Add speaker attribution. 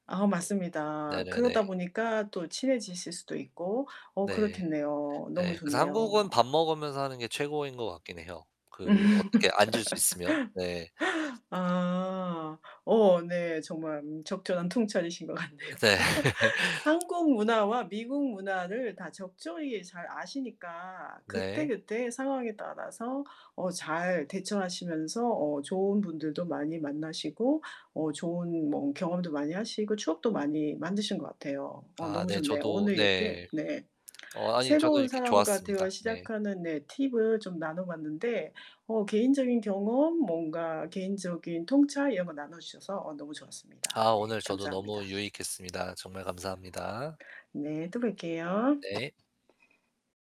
Speaker 1: 아 맞습니다. 그러다
Speaker 2: 네네네.
Speaker 1: 보니까 또 친해지실 수도 있고 어
Speaker 2: 네.
Speaker 1: 그렇겠네요. 너무
Speaker 2: 네. 그래서
Speaker 1: 좋네요.
Speaker 2: 한국은 밥 먹으면서 하는 게 최고인 것 같긴 해요.
Speaker 1: 음.
Speaker 2: 그 어떻게 앉을 수 있으면. 네.
Speaker 1: 아. 어, 네 정말 음 적절한 통찰이신 것 같네요.
Speaker 2: 으 네.
Speaker 1: 한국 문화와 미국 문화를 다 적절히 잘 아시니까
Speaker 2: 네.
Speaker 1: 그때그때 상황에 따라서 어 잘 대처하시면서 어 좋은 분들도 많이 만나시고 어 좋은 뭔 경험도 많이 하시고, 추억도 많이
Speaker 2: [unintelligible]
Speaker 1: 만드신 것 같아요. 어
Speaker 2: 아
Speaker 1: 너무
Speaker 2: 네.
Speaker 1: 좋네요.
Speaker 2: 저도
Speaker 1: 오늘 이렇게
Speaker 2: 네.
Speaker 1: 네
Speaker 2: 어 아니 저도
Speaker 1: 새로운
Speaker 2: 이렇게
Speaker 1: 사람과 대화
Speaker 2: 좋았습니다. 네.
Speaker 1: 시작하는 네 팁을 좀 나눠 봤는데, 어 개인적인 경험,
Speaker 2: [unintelligible]
Speaker 1: 뭔가 개인적인 통찰 이런 걸 나눠주셔서 어 너무 좋았습니다.
Speaker 2: 아
Speaker 1: 네,
Speaker 2: 오늘 저도 너무
Speaker 1: 감사합니다.
Speaker 2: 유익했습니다. 정말 감사합니다.
Speaker 1: 네, 또 뵐게요.
Speaker 2: 네.